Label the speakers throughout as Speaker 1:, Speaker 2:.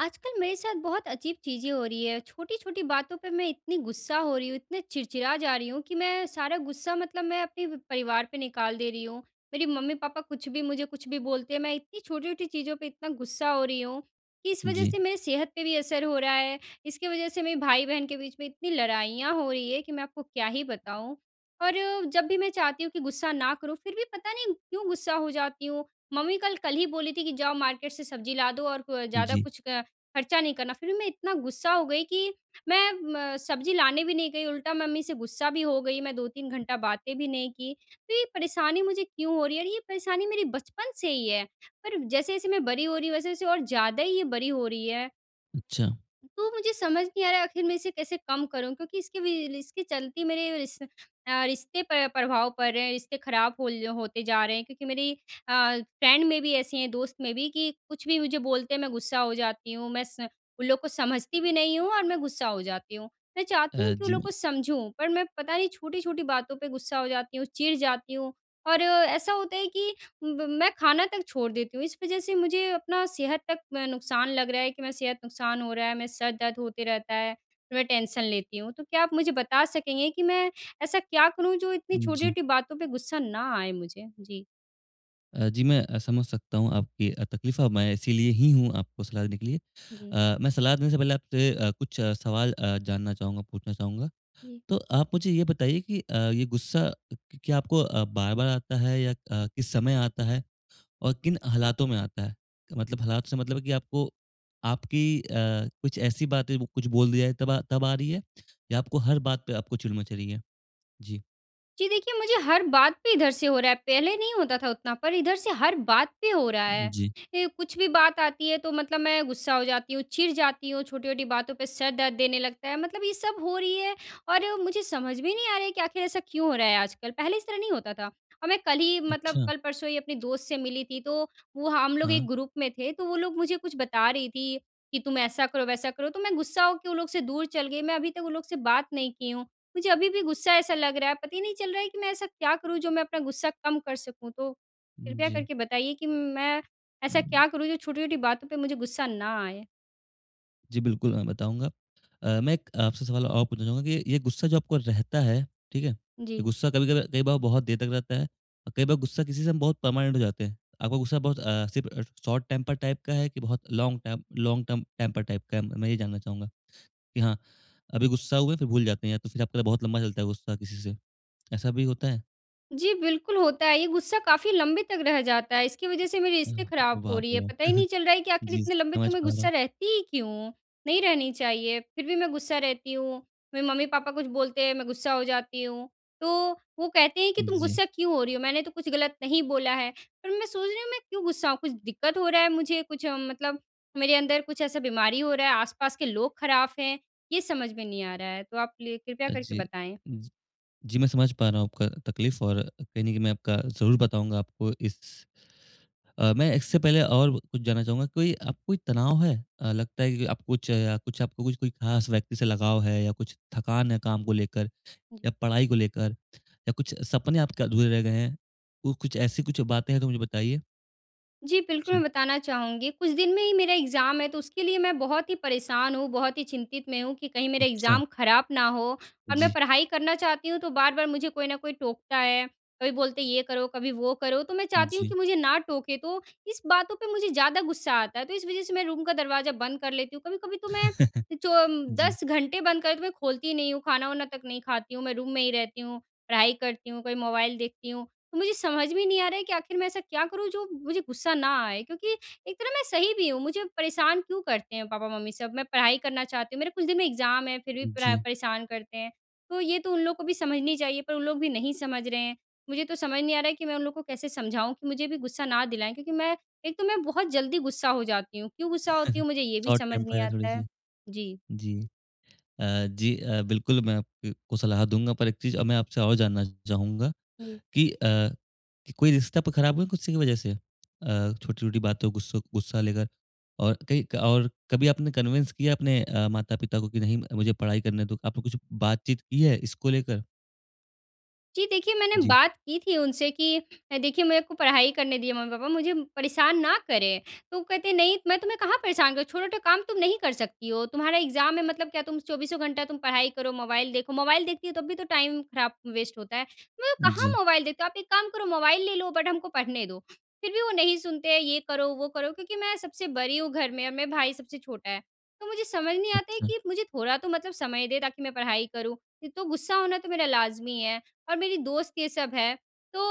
Speaker 1: आजकल मेरे साथ बहुत अजीब चीज़ें हो रही हैं, छोटी-छोटी बातों पे मैं इतनी गुस्सा हो रही हूँ, इतने चिड़चिड़ा जा रही हूँ कि मैं सारा गुस्सा मतलब मैं अपने व परिवार पे निकाल दे रही हूँ। मेरी मम्मी-पापा कुछ भी, मुझे कुछ भी बोलते हैं, मैं इतनी छोटी-छोटी चीज़ों पे इतना गुस्सा हो रही हूँ कि इस वजह
Speaker 2: जी।
Speaker 1: से मेरी सेहत पे भी असर हो रहा है। इसकी वजह से मेरे भाई-बहन के बीच में इतनी लड़ाइयाँ हो रही हैं, कि मैं आपको क्या ही बताऊँ। और जब भी मैं चाहती हूँ कि गुस्सा ना करूँ, फिर भी पता नहीं क्यों गुस्सा हो जाती हूँ। मम्मी कल कल ही बोली थी कि, "जाओ, मार्केट से सब्ज़ी ला दो और कु अ, ज़्यादा
Speaker 2: जी।
Speaker 1: कुछ अ, खर्चा नहीं करना।" फिर भी मैं इतना गुस्सा हो गई कि मैं म सब्ज़ी लाने भी नहीं गई, उल्टा मम्मी से गुस्सा भी हो गई। मैं 2-3 घंटा बातें भी नहीं की। तो ये परेशानी मुझे क्यों हो रही है? और ये परेशानी मेरी बचपन से ही है। पर जैसे-जैसे मैं बड़ी हो रही हूँ, वैसे-वैसे और ज़्यादा ही ये बड़ी हो रही है।
Speaker 2: अच्छा।
Speaker 1: तो मुझे समझ नहीं आ रहा है, आखिर मैं इसे कैसे कम करूँ? क्योंकि इसके वी ल इसके चलते मेरे रिश अ, रिश्ते पर प्रभाव पड़ रहे हैं, रिश्ते खराब होल होते जा रहे हैं क्योंकि मेरी अ, फ्रेंड में भी ऐसी हैं दोस्त में भी कि कुछ भी मुझे बोलते हैं, मैं गुस्सा हो जाती हूँ। मैं स उन लोगों को समझती भी नहीं हूँ और मैं गुस्सा हो जाती हूँ। मैं चाहती हूँ
Speaker 2: अ,
Speaker 1: कि वो
Speaker 2: जी
Speaker 1: लोग को
Speaker 2: मेरा
Speaker 1: समझूँ, पर मैं पता नहीं छोटी-छोटी बातों पे गुस्सा हो जाती हूँ, चिढ़ जाती हूँ और ऐसा होता है कि ब मैं खाना तक छोड़ देती हूँ। इस वजह से मुझे अपना सेहत तक म नुकसान लग रहा है कि मैं सेहत नुकसान हो रहा है, मैं सर दर्द होते रहता है, फिर मैं टेंशन लेती हूँ। तो क्या आप मुझे बता सकेंगे कि मैं ऐसा क्या करूँ, जो इतनी
Speaker 2: जी।
Speaker 1: छोटी-छोटी बातों पे गुस्सा ना आए मुझे? जी।
Speaker 2: अ, जी मैं अ, समझ सकता हूँ आपकी अ, तकलीफ़ मैं इसीलिए ही हूँ आपको सलाह देने के लिए।
Speaker 1: जी।
Speaker 2: अ, मैं सलाह देने से पहले आपसे अ, कुछ सवाल अ, जानना चाहूँगा, पूछना चाहूँगा।
Speaker 1: जी।
Speaker 2: तो आप मुझे ये बताइए कि अ, ये गुस्सा क क्या आपको अ, बार-बार आता है या अ, किस समय आता है और किन हालातों में आता है? मतलब हालात से मतलब है कि आपको आपकी अ, कुछ ऐसी बातें बो कुछ बोल दिया तब आ तब आ रही है या आपको हर बात पे आपको चिड़ मच रही है? जी।
Speaker 1: जी देखिए मुझे हर बात पे इधर से हो रहा है। पहले नहीं होता था उतना पर इधर से हर बात पे हो रहा
Speaker 2: उ उम,
Speaker 1: है।
Speaker 2: जी।
Speaker 1: ए कुछ भी बात आती है तो मतलब मैं गुस्सा हो जाती हूँ, चिड़ जाती हूँ, छोटी-छोटी बातों पे सिर दर्द देने लगता है। मतलब ये सब हो रही है और मुझे समझ में नहीं आ रही है कि आख़िर ऐसा क्यों हो रहा है आजकल, पहले इस तरह नहीं होता था। अब मैं कल ही मतलब
Speaker 2: अच्छा।
Speaker 1: कल-परसों ही अपने दोस्त से मिली थी तो, वो हम लोग
Speaker 2: हाँ।
Speaker 1: 1 ग्रुप में थे, तो वो लोग मुझे कुछ बता रही थी कि तुम ऐसा करो वैसा करो तो मैं गुस्सा होके वो लोग से दूर चल गई, मैं अभी तक उन लोग से बात नहीं की हूँ। मुझे अभी-भी गुस्सा ऐसा लग रहा है पता ही नहीं चल रहा है कि मैं ऐसा क्या करूँ, जो मैं अपना गुस्सा कम कर सकूँ तो,
Speaker 2: उम,
Speaker 1: कृपया
Speaker 2: जी।
Speaker 1: करके बताइए कि मैं ऐसा क्या करूँ जो छोटी-छोटी बातों पे मुझे गुस्सा ना आए।
Speaker 2: जी। बिल्कुल, मैं बताऊँगा। अ, मैं एक आपसे सवाल और पूछना चाहूँगा कि ये गुस्सा जो आपको रहता है, ठीक है? ये
Speaker 1: जी।
Speaker 2: गुस्सा कभी-कभी कई बार बहुत देर तक रहता है और कई बार गुस्सा किसी से हम बहुत पर्मानेंट हो जाते हैं। आपका गुस्सा बहुत अ, सिर्फ़ शॉर्ट टेम्पर्ड टाइप का है कि बहुत long time long term temper type का है? मैं ये जानना चाहूँगा कि हाँ, अभी गुस्सा हुए फ़िर भूल जाते हैं या तो फ़िर आपका बहुत लम्बा चलता है गुस्सा किसी से, ऐसा भी होता है?
Speaker 1: जी। बिल्कुल होता है, ये गुस्सा काफ़ी लंबे तक रह जाता है। इसकी वजह से मेरे रिश्ते
Speaker 2: अह
Speaker 1: ख़राब हो
Speaker 2: बाप
Speaker 1: रही हैं।
Speaker 2: रे!
Speaker 1: पता ही नहीं चल रहा है कि आखिर
Speaker 2: जी।
Speaker 1: इतने लंबे तक
Speaker 2: समझ
Speaker 1: मैं
Speaker 2: पा रहा
Speaker 1: गुस्सा
Speaker 2: हूँ।
Speaker 1: रहती ही क्यों हूँ। नहीं रहनी चाहिए, फ़िर भी मैं गुस्सा रहती हूँ। मेरे मम्मी-पापा कुछ बोलते हैं मैं गुस्सा हो जाती हूँ। तो वो कहते हैं कि, "तुम
Speaker 2: जी।
Speaker 1: गुस्सा क्यों हो रही हो? मैंने तो कुछ गलत नहीं बोला है।" पर मैं सोच रही हूँ मैं क्यों गुस्सा कुछ दिक़्क़त हो रहा है मुझे कुछ मतलब मेरे अंदर कुछ ऐसा बीमारी हो रहा है, आस-पास के लोग ख़राब हैं? ये समझ में नहीं आ रहा है, तो आप ले कृपया
Speaker 2: अ,
Speaker 1: करके
Speaker 2: जी।
Speaker 1: बताएँ।
Speaker 2: जी, जी मैं समझ पा रहा हूँ आपका तकलीफ़ और कहीं न कहीं मैं आपका ज़रूर बताऊँगा आपको इस अ, मैं इससे पहले और कुछ जानना चाहूँगा कोई अब कोई तनाव है अ, लगता है कि अब कुछ या कुछ कोई ख़ास व्यक्ति से लगाव है या कुछ थकान है काम को लेकर या
Speaker 1: जी।
Speaker 2: पढ़ाई को लेकर या कुछ सपने आपके अधूरे रह गए हैं? तो कुछ ऐसी कुछ बातें हैं तो मुझे बताइए।
Speaker 1: जी, बिल्कुल।
Speaker 2: जी।
Speaker 1: मैं बताना चाहूँगी, कुछ दिन में ही मेरा एग्ज़ाम है, तो उसके लिए मैं बहुत ही परेशान हूँ, बहुत ही चिंतित में हूँ, कि कहीं मेरे
Speaker 2: अच्छा।
Speaker 1: एग्ज़ाम खराब ना हो। और मैं
Speaker 2: जी।
Speaker 1: पढ़ाई करना चाहती हूँ, तो बार-बार मुझे कोई न कोई टोकता है, कभी बोलते हैं ये करो, कभी वो करो। तो मैं चाहती हूँ कि
Speaker 2: जी।
Speaker 1: मुझे ना टोके, तो इस बातों पे मुझे ज़्यादा गुस्सा आता है। तो इस वजह से मैं रूम का दरवाज़ा बंद कर लेती हूँ। कभी-कभी तो मैं अ, चो अम,
Speaker 2: जी।
Speaker 1: 10 घंटे बंद कर, तो मैं खोलती ही नहीं हूँ, खाना-वाना तक नहीं खाती हूँ, मैं रूम में ही रहती हूँ, पढ़ाई करती हूँ, कभी मोबाइल देखती हूँ। तो मुझे समझ में ही नहीं आ रहा है कि आख़िर मैं ऐसा क्या करूँ जो मुझे गुस्सा ना आए, क्योंकि एक तरह मैं सही भी हूँ। मुझे परेशान क्यों करते हैं पापा-मम्मी सब, मैं पढ़ाई करना चाहती हूँ, मेरे कुछ दिन में एग्ज़ाम हैं, फिर भी परै
Speaker 2: जी।
Speaker 1: परेशान करते हैं। तो ये तो उन लोग को भी समझनी चाहिए, पर उन लोग भी नहीं समझ रहे हैं। मुझे तो समझ नहीं आ रहा है कि मैं उन लोगों को कैसे समझाऊँ कि मुझे अभी गुस्सा ना दिलाएँ, क्योंकि मैं एक तो मैं बहुत जल्दी गुस्सा हो जाती हूँ, क्यों गुस्सा होती हूँ, मुझे ये भी
Speaker 2: शॉर्ट
Speaker 1: समझ
Speaker 2: टेंपर
Speaker 1: नहीं
Speaker 2: है
Speaker 1: आता है।
Speaker 2: थोड़ी-सी।
Speaker 1: जी।
Speaker 2: जी। अ, जी अ, बिल्कुल मैं आप अ, को सलाह दूँगा, पर एक चीज़ अब मैं आपसे और जानना चाहूँगा
Speaker 1: जी।
Speaker 2: कि अ, कि कोई रिश्ता आपका ख़राब हुआ गुस्से की वजह से? अ, छोटी-छोटी बातों गुस्सो गुस्सा लेकर और कई क और कभी आपने कन्विन्स किया अपने अ, माता-पिता को कि, "नहीं, मुझे पढ़ाई करने दो।" आपने कुछ बातचीत की है इसको लेकर?
Speaker 1: जी, देखिए, मैंने
Speaker 2: जी।
Speaker 1: बात की थी उनसे कि अ, "देखिए, मेरे को पढ़ाई करने दीजिए, मम्मी-पापा। मुझे परेशान ना करें।" तो वो कहते, "नहीं, मैं तुम्हें कहाँ परेशान कर रहा? छोटा-छोटा काम तुम नहीं कर सकती हो? तुम्हारा एग्ज़ाम है, मतलब क्या तुम चौबीसों घंटा तुम पढ़ाई करो, मोबाइल देखो। मोबाइल देखती हो, तब भी तो टाइम ख़राब वेस्ट होता है।" मैं कहाँ
Speaker 2: जी।
Speaker 1: मोबाइल देखती हूँ? आप एक काम करो, मोबाइल ले लो, बट हमको पढ़ने दो। फिर भी वो नहीं सुनते हैं, ये करो, वो करो, क्योंकि मैं सबसे बड़ी हूँ घर में और मेरा भाई सबसे छोटा है। तो मुझे समझ नहीं आता है
Speaker 2: अच्छा।
Speaker 1: कि, मुझे थोड़ा तो मतलब समय दें, ताकि मैं पढ़ाई करूँ। फिर तो गुस्सा होना तो मेरा लाज़मी है और मेरी दोस्त ये सब है, तो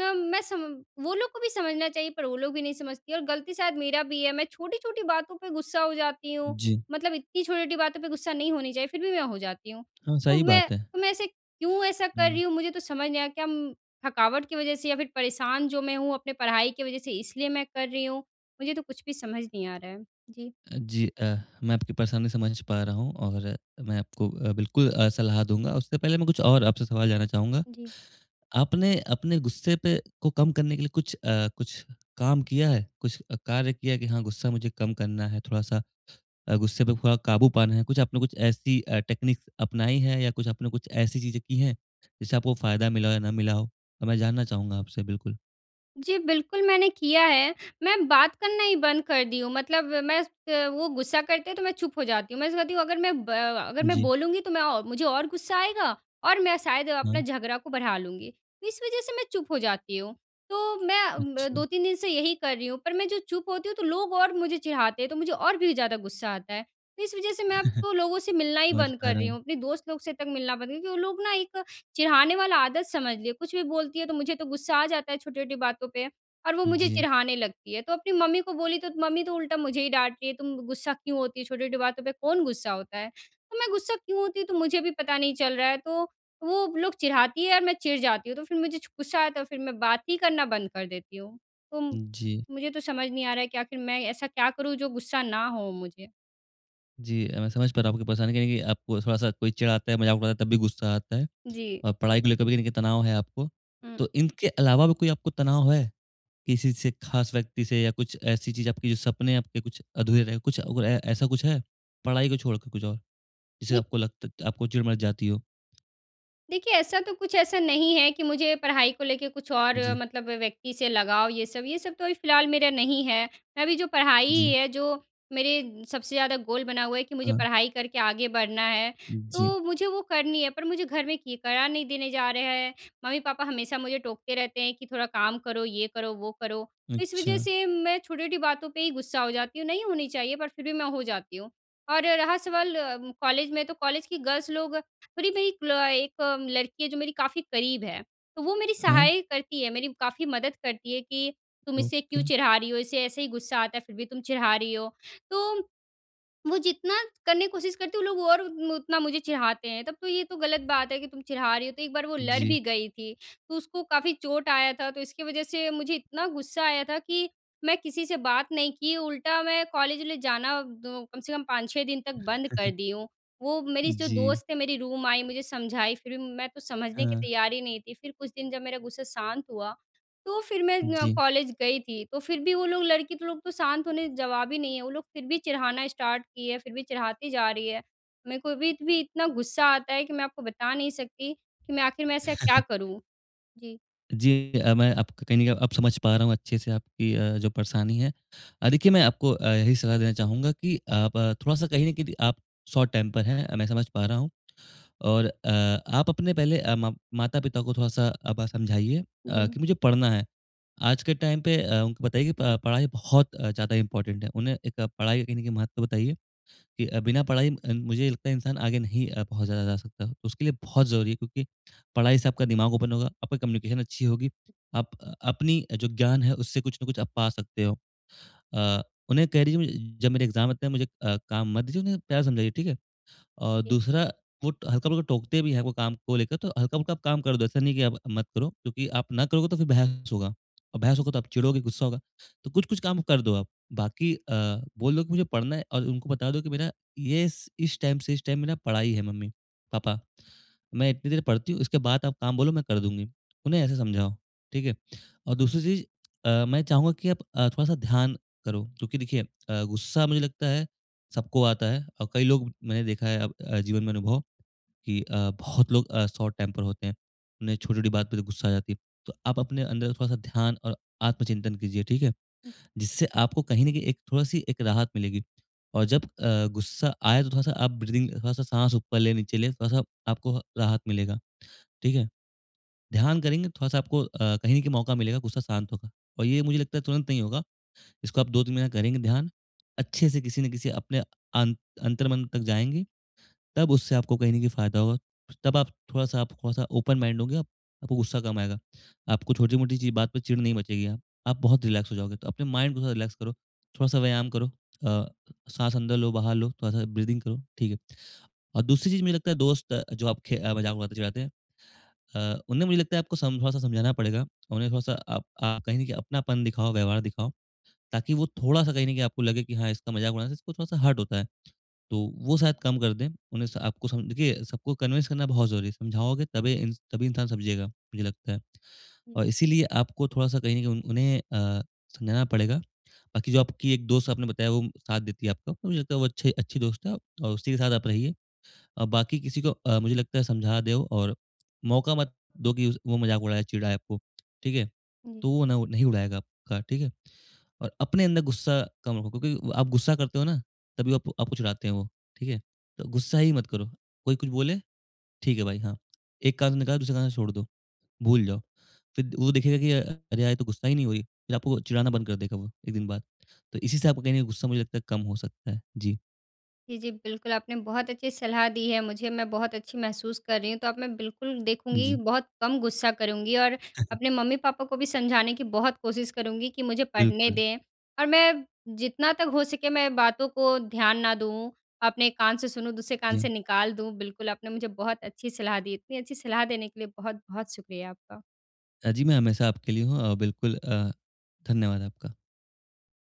Speaker 1: अम, मैं सम वो लोग को भी समझना चाहिए, पर वो लोग भी नहीं समझती हैं और गलती शायद मेरा भी है, मैं छोटी-छोटी बातों पे गुस्सा हो जाती हूँ।
Speaker 2: जी।
Speaker 1: मतलब इतनी छोटी-छोटी बातों पे गुस्सा नहीं होनी चाहिए, फिर भी मैं हो जाती हूँ।
Speaker 2: हाँ,
Speaker 1: तो
Speaker 2: सही
Speaker 1: मैं
Speaker 2: बात है।
Speaker 1: तो मैं ऐसे क्यों ऐसा कर
Speaker 2: हुँ।
Speaker 1: रही हूँ? मुझे तो समझ नहीं आ रहा। क्या अम, थकावट की वज़ह से या फिर परेशान जो मैं हूँ, अपने पढ़ाई के वजह से, इसलिए मैं कर रही हूँ? मुझे तो कुछ भी समझ नहीं आ रहा है। जी।
Speaker 2: अ, जी। अ, मैं आपकी परेशानी समझ पा रहा हूँ और मैं आपको अ, बिल्कुल अ, सलाह दूँगा। उससे पहले मैं कुछ और आपसे सवाल जानना चाहूँगा।
Speaker 1: जी।
Speaker 2: आपने अपने गुस्से पे को कम करने के लिए कुछ अ, कुछ काम किया है? कुछ अ, कार्य किया है कि, "हाँ, गुस्सा मुझे कम करना है थोड़ा-सा अ, गुस्से पे थोड़ा काबू पाना है"? कुछ आपने कुछ ऐसी अ, टेक्नीक्स अपनाई हैं या कुछ आपने कुछ ऐसी चीज़ें की हैं, जिससे आपको फ़ायदा मिला हो या ना मिला हो? तो मैं जानना चाहूँगा आपसे, बिल्कुल।
Speaker 1: जी बिल्कुल, मैंने किया है। मैं बात करना ही बंद कर दी हूँ मतलब मैं स वो गुस्सा करते हैं तो मैं चुप हो जाती हूँ। मैं उससे कहती हूँ अगर मैं ब अगर मैं
Speaker 2: जी।
Speaker 1: बोलूँगी तो मैं औ मुझे और गुस्सा आएगा और मैं शायद अपना
Speaker 2: हाँ।
Speaker 1: झगड़ा को बढ़ा लूँगी। इस वजह से मैं चुप हो जाती हूँ। तो मैं अ, ब
Speaker 2: अच्छा।
Speaker 1: 2,3 दिन से यही कर रही हूँ पर मैं जो चुप होती हूँ तो लोग और मुझे चिढ़ाते हैं, तो मुझे और भी ज़्यादा गुस्सा आता है। इस वजह से मैं अब तो लोगों से मिलना ही
Speaker 2: समझ
Speaker 1: बंद
Speaker 2: पा
Speaker 1: कर
Speaker 2: रहा
Speaker 1: रही हूँ।
Speaker 2: हूँ।
Speaker 1: अपने दोस्त लोग से तक मिलना बंद कर वो लोग ना एक चिढ़ाने वाला आदत समझ लिए, कुछ भी बोलती है तो मुझे तो गुस्सा आ जाता है छोटी-छोटी बातों पे। और वो मुझे
Speaker 2: जी।
Speaker 1: चिढ़ाने लगती है। तो अपनी मम्मी को बोली तो मम्मी तो उल्टा मुझे ही डाँटती है, "तुम गुस्सा क्यों होती है छोटी-छोटी बातों पे कौन गुस्सा होता है?" तो मैं गुस्सा क्यों होती तो मुझे भी पता नहीं चल रहा है। तो, वो लोग चिढ़ाती है और मैं चिढ़ जाती हूँ तो फिर छु मुझे गुस्सा आया तो फिर मैं बात ही करना बंद कर देती हूँ। तो
Speaker 2: जी।
Speaker 1: मुझे तो समझ नहीं आ रहा है कि आख़िर मैं ऐसा क्या करूँ जो गुस्सा ना हों मुझे?
Speaker 2: जी। अ, मैं समझ पा रहा हूँ आपकी परेशानी कहीं न कहीं आपको थोड़ा सा कोई चिढ़ाता है, मज़ाक उड़ाता है तब भी गुस्सा आता है।
Speaker 1: जी।
Speaker 2: और पढ़ाई को लेकर भी देखिए तनाव है आपको।
Speaker 1: हुँ।
Speaker 2: तो इनके अलावा भी कोई आपको तनाव है? किसी से ख़ास व्यक्ति से या कुछ ऐसी चीज़ आपकी जो सपने आपके कुछ अधूरे रहे हों। कुछ और है, ऐसा कुछ है? पढ़ाई को छोड़ के कुछ और जिससे
Speaker 1: देख
Speaker 2: आपको लगत त आपको चिढ़ मच जाती हो?
Speaker 1: देखिए, ऐसा तो कुछ ऐसा नहीं है कि मुझे पढ़ाई को लेके कुछ और
Speaker 2: जी।
Speaker 1: मतलब व्यक्ति से लगाव, ये सब ये सब तो अभी फिलहाल मेरा नहीं है। मैं अभी जो पढ़ाई
Speaker 2: जी।
Speaker 1: है, जो मेरे सबसे ज़्यादा गोल बना हुआ है कि मुझे
Speaker 2: हाँ।
Speaker 1: पढ़ाई करके आगे बढ़ना है।
Speaker 2: जी।
Speaker 1: तो मुझे वो करनी है, पर मुझे घर में कि पढ़ा नहीं देने जा रहे हैं। मम्मी-पापा हमेशा मुझे टोकते रहते हैं कि, "थोड़ा काम करो, ये करो, वो करो।" इस वजह
Speaker 2: अच्छा।
Speaker 1: से मैं छोटी-छोटी बातों पे ही गुस्सा हो जाती हूँ, नहीं होनी चाहिए, पर फिर भी मैं हो जाती हूँ। और रहा सवाल कॉलेज में, तो कॉलेज की गर्ल्स लोग थोड़ी मेरी एक ल एक लड़की है, जो मेरी काफ़ी करीब है। तो वो मेरी
Speaker 2: हाँ
Speaker 1: सहाय करती है, मेरी काफ़ी मदद करती है कि, "तुम इसे क्यों
Speaker 2: ओके।
Speaker 1: चिढ़ा रही हो? इसे ऐसे ही गुस्सा आता है, फिर भी तुम चिढ़ा रही हो।" तो, वो जितना करने की कोशिश करती है, वो लोग और मु उतना मुझे चिढ़ाते हैं। तब तो ये तो गलत बात है कि, "तुम चिढ़ा रही हो।" तो एक बार वो लड़
Speaker 2: जी।
Speaker 1: भी गई थी, तो उसको काफ़ी चोट आया था। तो इसकी वज़ह से मुझे इतना गुस्सा आया था कि, मैं किसी से बात नहीं की, उल्टा मैं कॉलेज ले जाना द कम से कम 5-6 दिन तक बंद कर दी हूँ। वो मेरी जो
Speaker 2: जी।
Speaker 1: दोस्त है, मेरी रूम आई, मुझे समझाई, फिर भी मैं तो समझने के
Speaker 2: हाँ।
Speaker 1: तैयार ही नहीं थी। फिर कुछ दिन जब मेरा गुस्सा शांत हुआ, तो फिर मैं अ,
Speaker 2: जी।
Speaker 1: कॉलेज गई थी। तो फिर भी वो लोग लड़की लोग तो शांत होने जवाब ही नहीं है, वो लोग फिर भी चिढ़ाना स्टार्ट किए, फिर भी चिढ़ाती जा रही है। मेरे को भीत भी इतना गुस्सा आता है कि मैं आपको बता नहीं सकती कि मैं आखिर में ऐसा क्या करूँ? जी।
Speaker 2: जी। अ, मैं आपको कहीं न कहीं अब समझ पा रहा हूँ अच्छे से आपकी अ, जो परेशानी है। अ, देखिए मैं आपको अ, यही सलाह देना चाहूँगा कि आप अ, थोड़ा-सा कहीं न कहीं आप शॉर्ट टेंपर है मैं समझ पा रहा हूँ। और अ, आप अपने पहले अ, म माता-पिता को थोड़-सा अ, आप समझाइए अ,
Speaker 1: जी।
Speaker 2: कि मुझे पढ़ना है। आज के टाइम पे अ, उनको बताइए कि प पढ़ाई बहुत अ, ज़्यादा इम्पोर्टेंट है। उन्हें एक पढ़ाई का कहीं न कहीं महत्व बताइए कि अ, बिना पढ़ाई अ, मुझे ये लगता है इंसान आगे नहीं बहुत ज़्यादा जा सकता हो। उसके लिए बहुत ज़रूरी है क्योंकि पढ़ाई से आपका दिमाग ओपन होगा, आपकी कम्युनिकेशन अच्छी होगी। आप अपनी जो ज्ञान है उससे कुछ न कुछ आप पा सकते हो। अ, उन्हें कह दीजिए म जब मेरे एग्ज़ाम आते है मुझे अ, काम मत दीजिए उन्हें प्यार समझाइए, ठीक है? और
Speaker 1: जी।
Speaker 2: दूसरा वो हल्का-फुल्का टोकते भी है वो काम को लेकर तो हल्का-फुल्का काम कर दो, ऐसा नहीं है की आप मत करो क्योंकि आप ना करोगे तो फिर बहस होगा। और बहस
Speaker 1: हुँ।
Speaker 2: होगा तो आप चिड़ोगे गुस्सा होगा। तो कुछ-कुछ काम कर दो आप बाकी अ, बोल दो की मुझे पढ़ना है और उनको बता दो की मेरा ये स इस टाइम से इस टाइम मेरा पढ़ाई है मम्मी-पापा। मैं इतनी देर पढ़ती हूँ उसके बाद आप काम बोलो मैं कर दूँगी। उन्हें ऐसे समझाओ, ठीक है? और दूसरी चीज़ अ, मैं चाहूँगा कि अ, आप थोड़ा-सा ध्यान करो क्योंकि देखिए अ, गुस्सा मुझे लगता है सबको आता है और कई लोग मैंने देखा है अब अ, जीवन में अनुभव की अ, बहुत लोग अ, शॉर्ट टेंपर होते हैं। उन्हें छोटी-छोटी बात पे गुस्सा आ जाती है। तो आप अपने अंदर थोड़ा-सा ध्यान और आत्मचिंतन कीजिए ठीक है।
Speaker 1: हुँ।
Speaker 2: जिससे आपको कहीं न कहीं एक थोड़ी-सी एक राहत मिलेगी और जब अ, गुस्सा आया तो थोड़ा-सा आप ब्रीथिंग थोड़ा-सा साँस ऊपर लें-नीचे ले, थोड़ा-सा आपको राहत मिलेगा, ठीक है? ध्यान करेंगे थोड़ा-सा आपको अ, कहीं का मौका मिलेगा गुस्सा शांत होगा। और ये मुझे लगता है तुरंत नहीं होगा। इसको आप 2-3 महीना करेंगे ध्यान अच्छे से किसी न किसी अपने अं अंतरम तक जाएँगी तब उससे आपको कहीं न कहीं फ़ायदा होगा। तब आप थोड़ा-सा आप थोड़ा-सा ओपन माइंड होंगे आपको गुस्सा कम आएगा। आपको छोटी-मोटी चीज बात पे चिढ़ नहीं मचेगी हाँ। आप बहुत रिलैक्स हो जाओगे तो अपने माइंड को थोड़ा रिलैक्स करो, थोड़ा-सा व्यायाम करो, अ, साँस अंदर लो बाहर लो थोड़-सा ब्रीथिंग करो ठीक है। और दूसरी चीज मुझे लगता है दोस्त अ, जो आपके चिढ़ाते हैं। अ, उन्हें मुझे लगता है आपको सम थोड़ा-सा समझाना पड़ेगा। अ, उन्हें मुझे लगता है थोड़ा-सा अप आप कहीं अपनापन दिखाओ व्यवहार दिखाओ ताकि वो थोड़ा-सा कहीं न की आपको लगे की हाँ इसका मज़ाक उड़ाना इसको थोड़ा-सा हर्ट होता है। तो वो शायद कम कर दें। उन्हें स आपको देखिए सबको कन्विंस करना बहुत ज़रूरी है। समझाओगे तबे इन तभी इंसान समझेगा मुझे लगता है।
Speaker 1: हुँ।
Speaker 2: और इसीलिए आपको थोड़ा-सा कहीं न कहीं उन उन्हें अ, समझाना पड़ेगा। बाकी जो आपकी एक दोस्त आपने बताया वो साथ देती है आपको मुझे लगता है वो अच्छे अच्छी दोस्त है और उसी के साथ आप रहिए। अ, बाकी किसी को अ, मुझे लगता है समझा देओ और मौका मत दो कि उस वो मज़ाक उड़ाए चिढ़ाए आपको, ठीक है?
Speaker 1: हाँ जी।
Speaker 2: तो वो न नहीं उड़ाएगा आपका, ठीक है? और अपने अंदर गुस्सा कम रखो क्योंकि आप गुस्सा करते हो ना, तभी आपको आपको चिढ़ाते हैं वो, ठीक है? तो गुस्सा ही मत करो। कोई कुछ बोले ठीक है भाई हाँ, एक कान से निकाला दूसरे कान से छोड़ दो, भूल जाओ। फिर वो देखेगा कि अ, "अरे! यार ये तो गुस्सा ही नहीं हुई।" फिर आपको वो चिढ़ाना बंद कर देगा वो 1 दिन बाद। तो इसी से आपका कहीं न कहीं गुस्सा मुझे लगता है कम हो सकता है। जी।
Speaker 1: जी, जी। बिल्कुल आपने बहुत अच्छी सलाह दी है मुझे, मैं बहुत अच्छी महसूस कर रही हूँ। तो अब मैं बिल्कुल देखूँगी,
Speaker 2: जी।
Speaker 1: बहुत कम गुस्सा करूँगी और अपने मम्मी-पापा को भी समझाने की बहुत कोशिश करूँगी कि मुझे पढ़ने
Speaker 2: बिल्कुल।
Speaker 1: दें। और मैं जितना तक हो सके मैं बातों को ध्यान ना दूँ, अपने कान से सुनूँ, दूसरे कान से
Speaker 2: जी।
Speaker 1: निकाल दूँ, बिल्कुल आपने मुझे बहुत अच्छी सलाह दी। इतनी अच्छी सलाह देने के लिए बहुत-बहुत शुक्रिया आपका।
Speaker 2: हाँ, जी। मैं हमेशा आपके लिए हूँ। अ, बिल्कुल अ, धन्यवाद आपका।